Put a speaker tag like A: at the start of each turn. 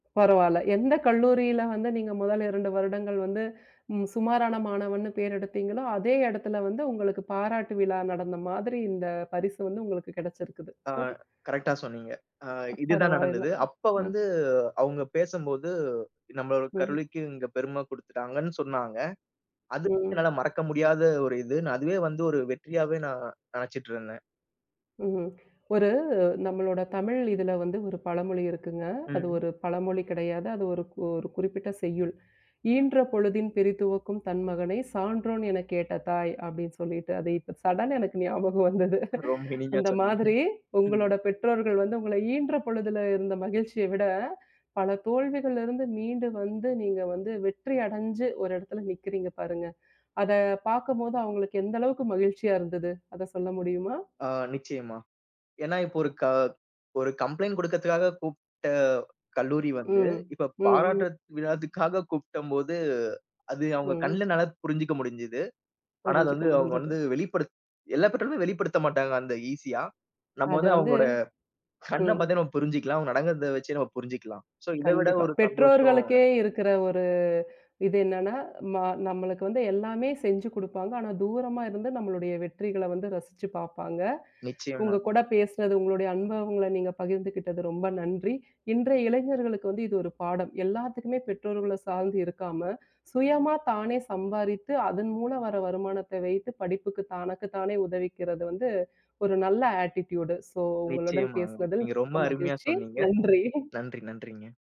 A: பரவால்ல. எந்தக் கல்லூரில வந்து நீங்க முதல் 2 வருடங்கள் வந்து ம் சுமாரான மாணவன்னு பேர் எடுத்தீங்களோ அதே இடத்துல வந்து உங்களுக்குப் பாராட்டு விழா நடந்த மாதிரி இந்தப் பரிசு வந்து உங்களுக்குக் கிடச்சிருக்குது.
B: அ. கரெக்டா சொன்னீங்க. ஆ
A: அ
B: இது தான்
A: பரவாயில்ல.
B: நடந்தது. அப்ப
A: ம்.
B: வந்து அவங்க பேசம்போது நம்ம
A: ம்.
B: கல்லூரிக்கு இங்க பெரும குடுத்துட்டாங்கன்னு சொன்னாங்க. அது
A: ம்.
B: என்னால மறக்க முடியாத ஒரு இது. அதுவே வந்து ஒரு வெற்றியாவே நான் நினச்சுட்டுருந்தேன்.
A: ம்ஹூம். ஒரு நம்மளோட தமிழ் இதுல வந்து ஒரு பழமொழி இருக்குங்க. அது
B: ம்.
A: ஒரு பழமொழி கிடையாது. அது ஒருக் ஒரு குறிப்பிட்ட செய்யுள். "ஈன்ற பொழுதின் பிரித்துவக்கும் தன் மகனைச் சான்றோன் எனக் கேட்ட தாய்" அப்படின்னு சொல்லிட்டு அது இப்ப சடன்னா எனக்கு ஞாபகம் வந்தது.
B: ரொம்ப இனிமையா
A: அந்த
B: சொன்னீங்க.
A: மாதிரி
B: ம்.
A: உங்களோட பெற்றோர்கள் வந்து உங்கள ஈன்ற பொழுதில இருந்த மகிழ்ச்சிய விட பல தோல்விகள்ல இருந்து மீண்டு வந்து நீங்க வந்து வெற்றி அடைஞ்சு ஒரு இடத்துல நிக்கறீங்க பாருங்க. அதப் பாக்கும்போது அவங்களுக்கு எந்த அளவுக்கு மகிழ்ச்சியா இருந்தது? அதச் சொல்ல முடியுமா?
B: ஆ நிச்சயமா. ஏன்னா இப்ப ஒரு க ஒரு கம்ப்ளைண்ட் குடுக்கத்துக்காகக் கூப்புட கல்லூரி வந்து
A: ம்,
B: இப்ப
A: ம், ம்.
B: பாராட்றத் விழக்காகக் கூப்டம் போது அது அவங்க
A: ம்.
B: கண்ணுல நல்லா புரிஞ்சுக்க முடிஞ்சுது. ஆனா அது
A: புரிஞ்சுக்க
B: வந்து அவங்க
A: முடிஞ்சது.
B: வந்து வெளிப்படுத் எல்லா பெற்றோருமே வெளிப்படுத்தமாட்டாங்க அந்த ஈசியா. நம்ம
A: அது
B: வந்து
A: வந்து
B: அவங்களோட கண்ணப்
A: ம்.
B: பாத்தே நம்ம புரிஞ்சுக்கலாம், நடக்குறத வச்சே நாம புரிஞ்சுக்கலாம். ஸோ இதவிட
A: கண்டிப்பா.
B: ஒரு சந்தோஷம்.
A: பெற்றோர்களுக்கே இருக்கிற ஒரு இது என்னன்னா, ம நம்மளுக்கு வந்து எல்லாமே செஞ்சு குடுப்பாங்க. ஆனா, தூரமா இருந்து நம்மளுடைய வெற்றிகள்ல வந்து ரசிச்சு பாப்பாங்க. உங்க
B: நிச்சயமாங்க.
A: கூடப் பேசுனது, உங்களுடய அன்ப உங்கள நீங்கப் பகிர்ந்துகிட்டதற்கு ரொம்ப நன்றி. இன்றைய இளைஞர்களுக்கு வந்து இது ஒரு பாடம். எல்லாத்துக்குமே பெற்றோர்கள்ல சார்ந்து இருக்காம, சுயமா தானே சம்பாரித்து அதன் மூலம் வர வருமானத்த வைத்துப் படிப்புக்கு தனக்குத் தானே உதவிக்கிறது வந்து ஒரு நல்ல ஆட்டிட்யூடு. ஸோ உங்களுடன்
B: நிச்சயமாங்க.
A: பேசுனதில்
B: நீங்க ரொம்ப
A: மிக்க
B: அருமையா
A: மகிழ்ச்சி.
B: சொன்னீங்க.
A: நன்றி.
B: நன்றி நன்றிங்க.